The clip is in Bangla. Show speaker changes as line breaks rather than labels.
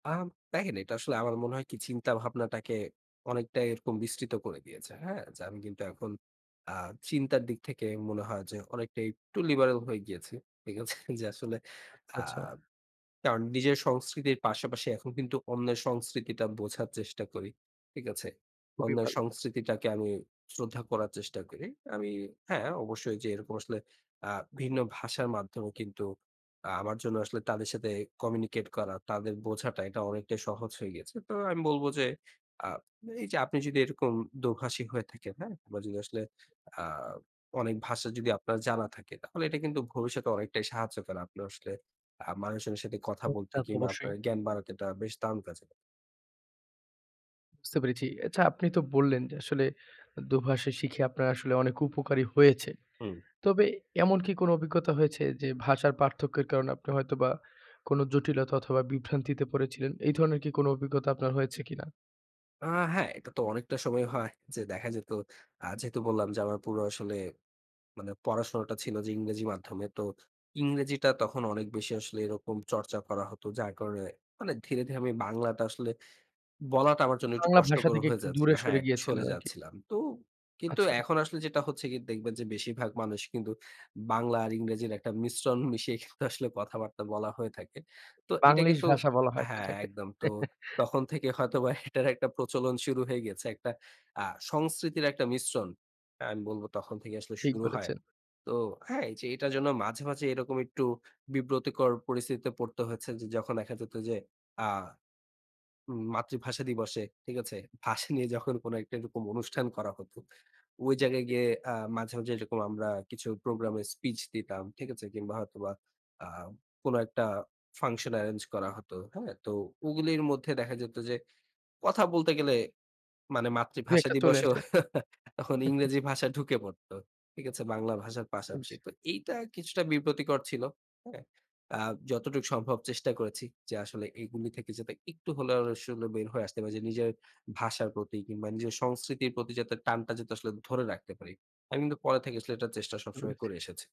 আম দেখেন এটা আসলে আমার মনে হয় কি চিন্তাভাবনাটাকে অনেকটাই এরকম বিস্তৃত করে দিয়েছে। হ্যাঁ? যে আমি কিন্তু এখন আ চিন্তার দিক থেকে মনে হয় যে অনেকটাই একটু লিবারেল হয়ে গিয়েছি। ঠিক আছে? যে আসলে
আচ্ছা,
আ
আচ্ছা।
কারণ নিজের সংস্কৃতির পাশাপাশি এখন কিন্তু অন্যের সংস্কৃতিটা বোঝার চেষ্টা করি। ঠিক আছে?
খুবই
অন্যের
ভালো।
সংস্কৃতিটাকে আমি শ্রদ্ধা করার চেষ্টা করি। আমি হ্যাঁ অবশ্যই যে এরকম আসলে আ ভিন্ন ভাষার মাধ্যমে কিন্তু আ আমার জন্য আসলে তাদের সাথে কমিউনিকেট করা তাঁদের বোঝাটা এটা অনেকটাই সহজ হয়ে গেছে। তো আমি বলব যে আ এইযে আপনি যদি এরকম দোভাষী হয়ে থাকেন হ্যাঁ? বা যদি আসলে আ অনেক ভাষা যদি আপনার জানা থাকে তাহলে এটা কিন্তু ভবিষ্যতে অনেকটাই সাহায্য করে। আপনি আসলে আ মানুষজনের সাথে কথা বলতে
তাতো
কিংবা
অবশ্যই।
আপনার জ্ঞান বাড়াতে এটা বেশ দারুণ কাজে দেয়।
বুঝতে পেরেছি। আচ্ছা আপনি তো বললেন, যে আসলে দোভাষী শিখে আপনার আসলে অনেক উপকার ই হয়েছে।
হুম।
তবে এমন কি কোনো অভিজ্ঞতা হয়েছে যে ভাষার পার্থক্যের কারণে আপনি হয়তোবা কোনো জটিলতা অথবা বিভ্রান্তিতে পড়েছিলেন। এই ধরনের কি কোনো অভিজ্ঞতা আপনার হয়েছে কিনা?
আ হ্যাঁ, এটা তো অনেকটা সময় হয় যে দেখা যেত। আ যেহেতু বললাম যে আমার পুরো আসলে মানে পড়াশোনাটা ছিল যে ইংরেজি মাধ্যমে। তো ইংরেজিটা তখন অনেক বেশি আসলে এরকম চর্চা করা হতো। যার কারণে মানে ধীরে, ধীরে আমি বাংলাটা আসলে বলাটা আমার জন্য একটু
বাংলা ভাষা
কষ্টকর
থেকে
হয়ে
একটু
যাচ্ছিল
দূরে
হ্যাঁ,
সরে
একটু
গিয়েছিলেন
সরে
আরকি।
যাচ্ছিলাম। তো কিন্তু
আচ্ছা।
এখন আসলে যেটা হচ্ছে গিয়ে দেখবেন যে বেশিরভাগ মানুষ কিন্তু বাংলা আর ইংরেজির একটা মিশ্রণ মিশিয়ে কিন্তু আসলে কথাবার্তা বলা হয়ে থাকে। তো এটা
বাংলিশ
কিন্তু
ভাষা বলা হয়
হ্যাঁ
সেটাকে।
একদম। তো তখন থেকে হয়তোবা এটার একটা প্রচলন শুরু হয়ে গিয়েছে। একটা আ সংস্কৃতির একটা মিশ্রণ। আমি বলব তখন থেকে আসলে
ঠিক
শুরু হয়।
বলেছেন।
তো হ্যাঁ এইযে এটার জন্য মাঝে, মাঝে এরকম একটু বিব্রতকর পরিস্থিতিতে পড়তে হয়েছে যে যখন দেখা যেত যে আ ম মাতৃভাষা দিবসে ঠিক আছে, ভাষা নিয়ে যখন কোনো একটা এরকম অনুষ্ঠান করা হতো, ওই জায়গায়
জি।
গিয়ে আ মাঝে, মাঝে এরকম আমরা কিছু প্রোগ্রামের স্পিচ দিতাম ঠিক আছে কিংবা হয়তোবা আম কোনো একটা ফাংশন এরেঞ্জ করা হতো হ্যাঁ, তো ওগুলির মধ্যে দেখা যেত যে কথা বলতে গেলে মানে মাতৃভাষা
দু-একটা চলে
দিবসেও
আসে।
তখন ইংরেজি ভাষা ঢুকে পড়ত। ঠিক আছে বাংলা ভাষার পাশাপাশি।
আচ্ছা।
তো এইটা কিছুটা বিব্রতকর ছিল। হ্যাঁ? আ যতটুক সম্ভব চেষ্টা করেছি যে আসলে এগুলি থেকে যাতে একটু হলেও আসলে বের হয়ে আসতে পারি যে নিজের ভাষার প্রতি কিংবা নিজের সংস্কৃতির প্রতি যাতে টানটা যাতে আসলে ধরে রাখতে পারি। আমি কিন্তু পরে থেকে আসলে এটা চেষ্টা সবসময়
[unintelligible]
করে এসেছি।